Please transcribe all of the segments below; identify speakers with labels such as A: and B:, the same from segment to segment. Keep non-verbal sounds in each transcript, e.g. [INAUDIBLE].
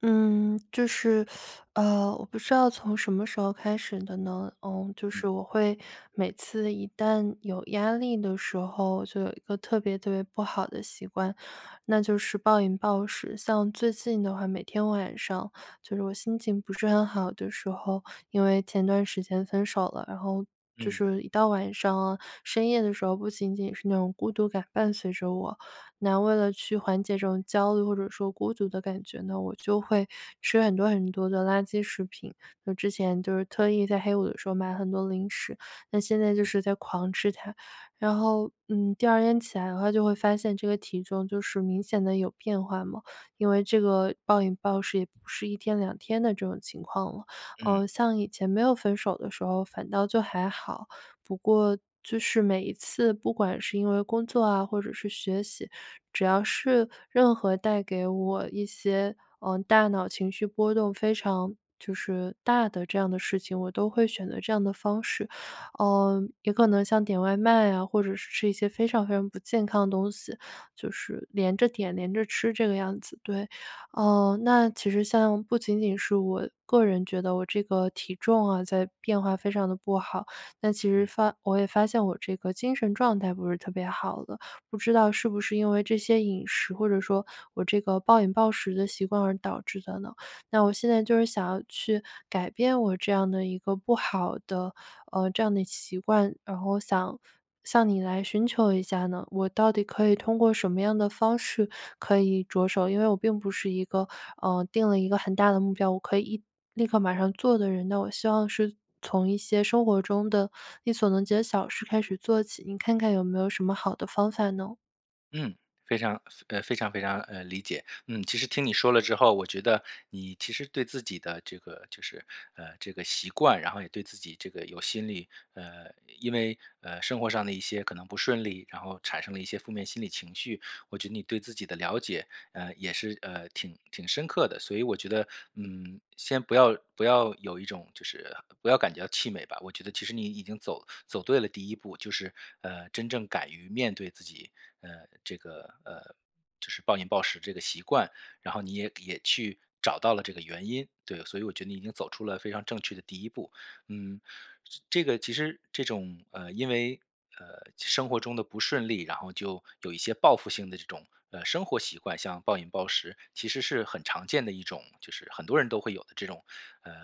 A: 嗯，就是，[SUCKS TEETH] 呃，我不知道从什么时候开始的呢，嗯，就
B: 嗯。
A: 是我会每次一旦有压力的时候，就有一个特别特别不好的习惯，那就是暴饮暴食。像最近的话，每天晚上，就是我心情不是很好的时候，因为前段时间分手了，然后就
B: 嗯。
A: 是一到晚上啊、深夜的时候，不仅仅是那种孤独感伴随着我。那为了去缓解这种焦虑或者说孤独的感觉呢，我就会吃很多很多的垃圾食品。那之前就是特意在黑五的时候买很多零食，那现在就
B: 嗯。
A: 是在狂吃它。然后，嗯，第2天起来的话就会发现这个体重就是明显地有变化嘛，因为这个暴饮暴食也不是一天两天的这种情况了。
B: 嗯。
A: 呃，像以前没有分手的时候反倒就还好，不过就是每一次不管是因为工作啊或者是学习，只要是任何带给我一些，呃，大脑情绪波动非常就是大的这样的事情，我都会选择这样的方式。呃，也可能像点外卖啊，或者是吃一些非常非常不健康的东西，就是连着点、连着吃这个样子，对。呃，那其实像不仅仅是我个人觉得我这个体重啊在变化，非常地不好，那其实
B: 嗯。
A: 发我也发现我这个精神状态不是特别好的，不知道是不是因为这些饮食，或者说我这个暴饮暴食的习惯而导致的呢？[SUCKS TEETH] 那我现在就是想要去改变我这样的一个不好的，呃，这样的习惯，然后我想向你来寻求一下呢，我到底可以通过什么样的方式可以着手？因为我并不是一个，嗯，定了一个很大的目标，我可以一立刻马上做的人，那我希望是从一些生活中的力所能及的小事开始做起。您看看有没有什么好的方法呢？
B: 嗯，非常呃非常非常，呃，理解。嗯，其实听你说了之后，我觉得，你其实对自己的这个就是，呃，这个习惯，然后也对自己这个有心理，呃，因为，呃，生活上的一些可能不顺利，然后产生了一些负面心理情绪，我觉得你对自己的了解，呃，也是，呃，挺挺深刻的。所以我觉得嗯先不要不要有一种就是不要感觉到气馁吧，我觉得其实你已经走走对了第1步，就是，呃，真正敢于面对自己，呃，这个，呃，就是暴饮暴食这个习惯。然后你也也去找到了这个原因，对所以我觉得你已经走出了非常正确的第一步。嗯，这个其实这种，呃，因为，呃，生活中的不顺利，然后就有一些报复性的这种，呃，生活习惯像暴饮暴食其实是很常见的一种，就是很多人都会有的这种，呃，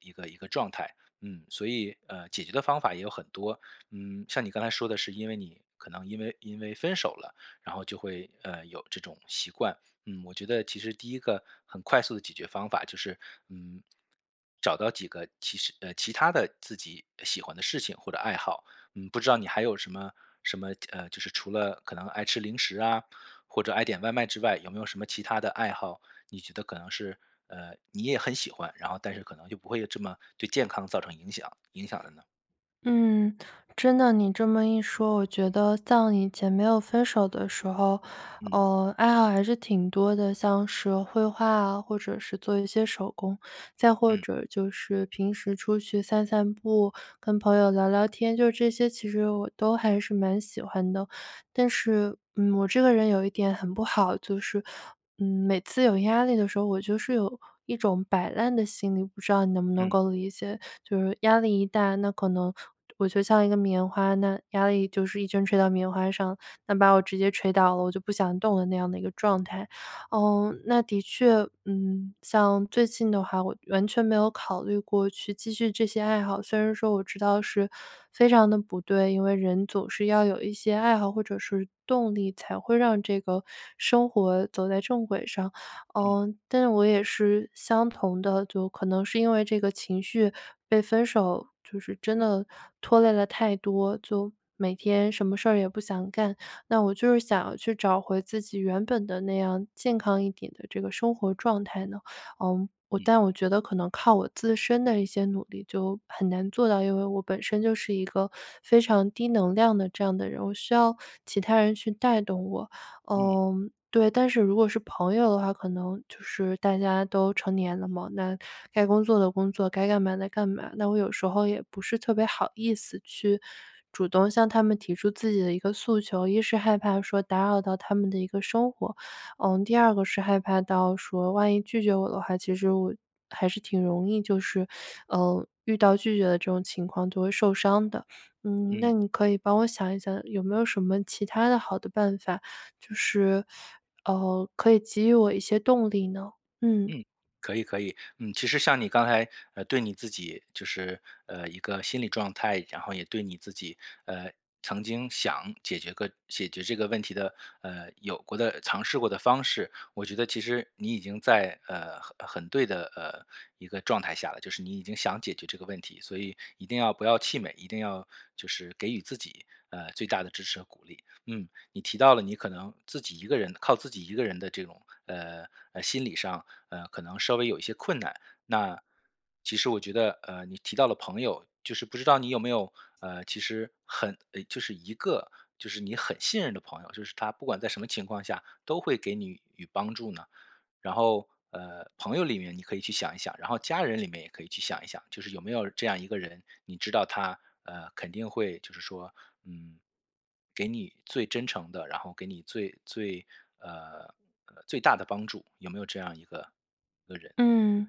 B: 一个一个状态。嗯，所以，呃，解决的方法也有很多，嗯，像你刚才说的是因为你可能因为因为分手了，然后就会，呃，有这种习惯，嗯，我觉得其实第1个很快速地解决方法就是，嗯，找到几个其实呃，其他的自己喜欢的事情或者爱好，嗯，不知道你还有什么什么，呃，就是除了可能爱吃零食啊，或者爱点外卖之外，有没有什么其它的爱好？你觉得可能是，呃，你也很喜欢，然后但是可能就不会这么对健康造成影响影响的呢？
A: 嗯。真的你这么一说，我觉得像以前没有分手的时候，
B: 嗯。
A: 呃，爱好还是挺多的，像是绘画啊，或者是做一些手工，再或
B: 嗯。
A: 者就是平时出去散散步、跟朋友聊聊天，就这些，其实我都还是蛮喜欢的。但是，嗯，我这个人有一点很不好，就是，嗯，每次有压力的时候，我就是有一种摆烂的心理，不知道你能不能
B: 嗯。
A: 够理解？就是压力一大，那可能我就像一个棉花，那压力就是一直吹到棉花上，那把我直接吹倒了我就不想动了那样的一个状态。呃，那的确，嗯，像最近的话我完全没有考虑过去继续这些爱好，虽然说我知道是非常地不对，因为人总是要有一些爱好或者是动力，才会让这个，生活走在正轨上。
B: 嗯。
A: 呃，但是我也是相同的，就可能是因为这个情绪被分手，就是真的拖累了太多，就每天什么事儿也不想干。那我就是想去找回自己原本的那样健康一点的这个生活状态呢，呃，
B: 嗯。
A: 但我觉得可能靠我自身的一些努力就很难做到，因为我本身就是一个非常低能量的这样的人，我需要其他人去带动我。
B: 嗯。
A: 嗯，对，但是如果是朋友的话，可能就是大家都成年了嘛，那该工作的工作，该干嘛的干嘛，那我有时候也不是特别好意思去主动向他们提出自己的一个诉求。1是害怕说打扰到他们的一个生活，嗯，第2个是害怕到说万一拒绝我的话，其实我还是挺容易就是，呃，遇到拒绝的这种情况就会受伤的，嗯，那
B: 嗯。
A: 你可以帮我想一想有没有什么其它的好的办法，就是，呃，可以给予我一些动力呢？嗯。
B: 嗯，可以可以。嗯，其实像你刚才，呃，对你自己就是，呃，一个心理状态，然后也对你自己，呃，曾经想解决个解决这个问题的，呃，有过的尝试过的方式，我觉得其实你已经在，呃，很很对的呃一个状态下了，就是你已经想解决这个问题，所以一定要不要气馁，一定要就是给予自己，呃，最大的支持和鼓励。嗯，你提到了你可能自己一个人靠自己一个人的这种，呃，呃，心理上，呃，可能稍微有一些困难，那，其实我觉得，呃，你提到了朋友，就是不知道你有没有，呃，其实很呃就是一个就是你很信任的朋友，就是他不管在什么情况下都会给你予帮助呢？然后，呃，朋友里面你可以去想一想，然后家人里面也可以去想一想，就是有没有这样一个人？你知道他，呃，肯定会就是说，嗯，给你最真诚的，然后给你最最，呃最大的帮助，有没有这样一个一个人？
A: 嗯。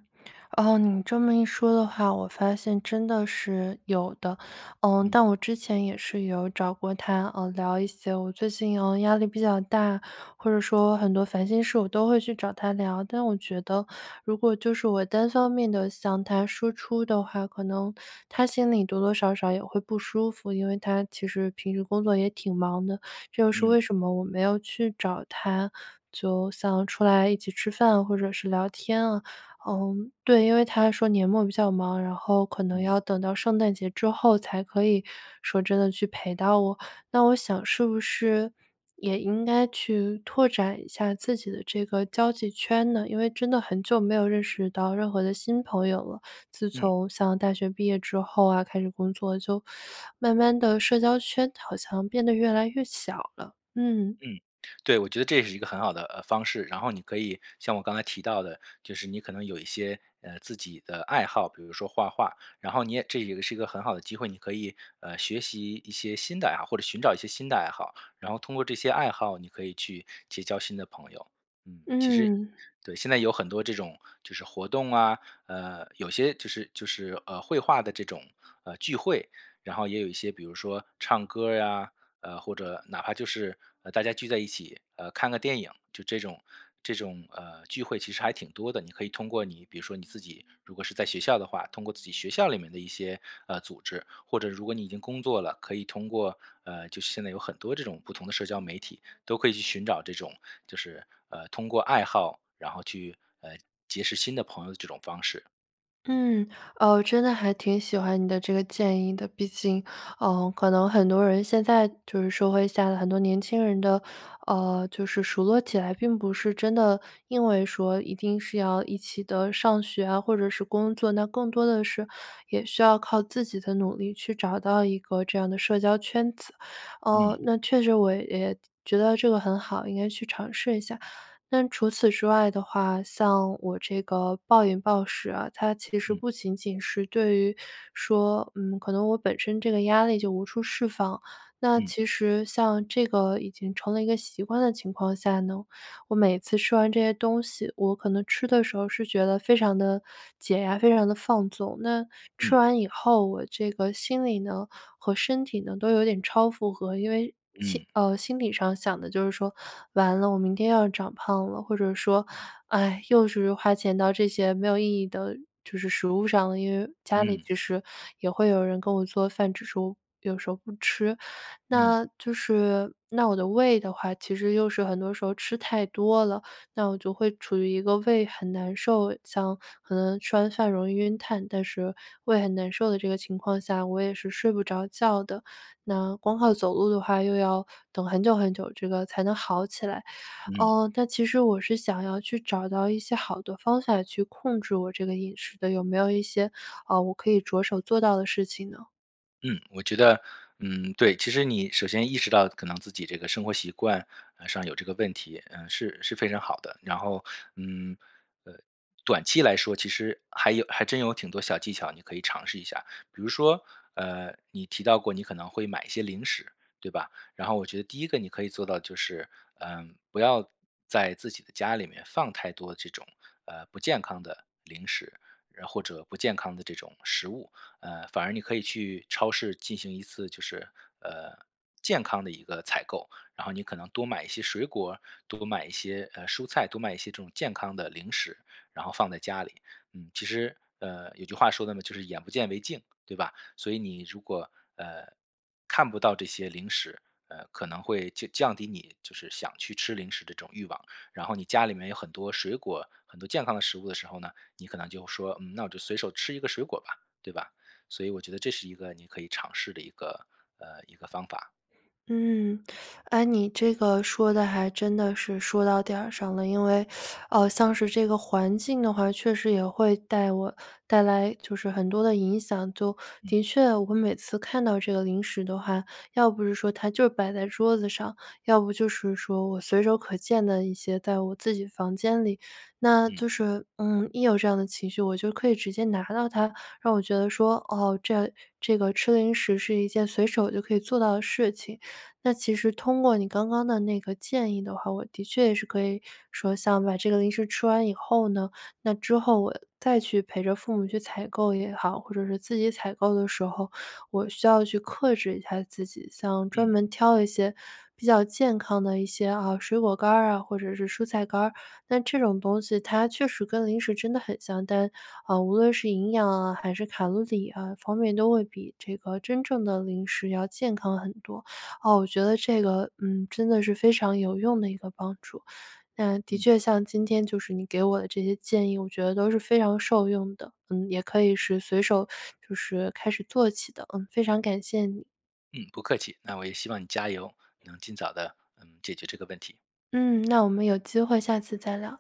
A: 呃，你这么一说的话，我发现真的是，有的。呃，
B: 嗯。
A: 但我之前也是有找过他，呃，聊一些，我最近压力比较大，或者说很多烦心事我都会去找他聊。但我觉得，如果就是我单方面地向他输出的话，可能，他心里多多少少也会不舒服，因为他其实平时工作也挺忙的，这又是
B: 嗯。
A: 为什么我没有去找他，就想出来一起吃饭或者是聊天啊。呃，对因为他说年末比较忙，然后可能
B: 嗯。
A: 要等到圣诞节之后才可以说真的去陪到我。那我想是不是，也应该去拓展一下自己的这个交际圈呢？因为真的很久没有认识到任何的新朋友了，自
B: 嗯。
A: 从上大学毕业之后啊开始工作就 [SUCKS TEETH] 慢慢地社交圈好像变得越来越小了，嗯。
B: 嗯，对，我觉得这是一个很好的，呃，方式。然后你可以像我刚才提到的就是你可能有一些，呃，自己的爱好，比如说画画，然后你也这也是一个很好的机会，你可以，呃，学习一些呃新的爱好，或者寻找一些新的爱好，然后通过这些爱好你可以去结交新的朋友。嗯，其实
A: 嗯。
B: 对现在有很多这种就是活动啊，呃，有些就是就是，呃，绘画的这种，呃聚会，然后也有一些，比如说唱歌儿呀，呃，或者哪怕就是，呃，大家聚在一起，呃，看个电影，就这种这种，呃，聚会其实还挺多的。你可以通过你比如说你自己如果是在学校的话，通过自己学校里面的一些，呃，组织，或者如果你已经工作了，可以通过，呃就是现在有很多这种不同的社交媒体都可以去寻找这种就是，呃，通过爱好，然后去，呃，结识新的朋友的这种方式。
A: 嗯，呃，我真的还挺喜欢你的这个建议的，毕竟，呃，可能很多人现在就是社会下的很多年轻人的，呃，就是熟络起来，并不是真的因为说一定是要一起地上学啊或者是工作，那更多的是也需要靠自己的努力去找到一个这样的社交圈子。
B: 嗯。
A: 呃，确实我也觉得这个很好，应该去尝试一下。那除此之外的话，像我这个暴饮暴食啊，它其实
B: 嗯。
A: 不仅仅是对于说，嗯，可能我本身这个压力就无处释放，那
B: 嗯。
A: 其实像这个已经成了一个习惯的情况下呢，我每次吃完这些东西，我可能吃的时候是觉得非常地解压，非常地放纵。那，吃
B: 嗯。
A: 完以后我这个心里呢和身体呢都有点超负荷，因为心
B: 嗯。
A: 呃，心理上想的就是说-完了，我明天要长胖了，或者说-唉，又是花钱到这些没有意义的就是食物上，因为家里
B: 嗯。
A: 就是也会有人跟我做饭，只是有时候不吃。
B: 嗯。
A: 那，就是那我的胃的话，其实又是很多时候吃太多了，那我就会处于一个胃很难受，像可能吃完饭容易晕碳，但是胃很难受的这个情况下，我也是睡不着觉的，那光靠走路的话又要等很久很久这个才能好起来。
B: 嗯。
A: 呃，那其实我是想要去找到一些好的方法，去控制我这个饮食的，有没有一些，呃，我可以着手做到的事情呢？
B: 嗯，我觉得，嗯，对，其实你首先意识到可能自己这个生活习惯，呃上有这个问题呃是是非常好的，然后嗯呃短期来说其实还有还真有挺多小技巧，你可以尝试一下。比如说，呃，你提到过你可能会买一些零食对吧？然后我觉得第一个你可以做到就是呃不要在自己的家里面放太多这种，呃，不健康的零食，那或者不健康的这种食物。呃，反而你可以去超市进行一次就是，呃，健康的一个采购，然后你可能多买一些水果儿，多买一些，呃，蔬菜，多买一些这种健康的零食，然后放在家里。嗯，其实，呃，有句话说的呢就是眼不见为净，对吧？所以你如果，呃，看不到这些零食，呃，可能会降降低你就是想去吃零食的这种欲望，然后你家里面有很多水果，很多健康的食物的时候呢，你可能就说：”嗯，那我就随手吃一个水果吧。“对吧？所以我觉得这是一个你可以尝试的一个呃，一个方法。
A: 嗯，哎，你这个说得还真的是说到点儿上了。因为 [SUCKS TEETH] 呃像是这个环境的话，确实也会带我带来就是很多的影响，就
B: 嗯。
A: 的确我每次看到这个零食的话，要不是说它就摆在桌子上，要不就是说我随手可见的一些在我自己房间里，那
B: 嗯。
A: 就是，嗯，一有这样的情绪，我就可以直接拿到它，那我觉得说，哦这这个吃零食是一件随手就可以做到的事情。那其实通过你刚刚的那个建议的话，我的确也是可以说像把这个零食吃完以后呢，那之后我再去陪着父母去采购也好，或者是自己采购的时候，我需要去克制一下自己，像专
B: 嗯。
A: 门挑一些比较健康的一些，啊，水果干儿啊或者是蔬菜干儿，那这种东西它确实跟零食真的很像，但，啊，无论是营养啊还是卡路里啊方面都会比这个真正的零食要健康很多。啊，我觉得这个嗯真的是非常有用的一个帮助，嗯，的
B: 嗯。
A: 确像今天就是你给我的这些建议我觉得都是非常受用的，嗯，也可以是随手就是开始做起的，嗯，非常感谢你。
B: 嗯，不客气，那我也希望你加油，能尽早地，嗯，解决这个问题。
A: 嗯，那我们有机会下次再聊。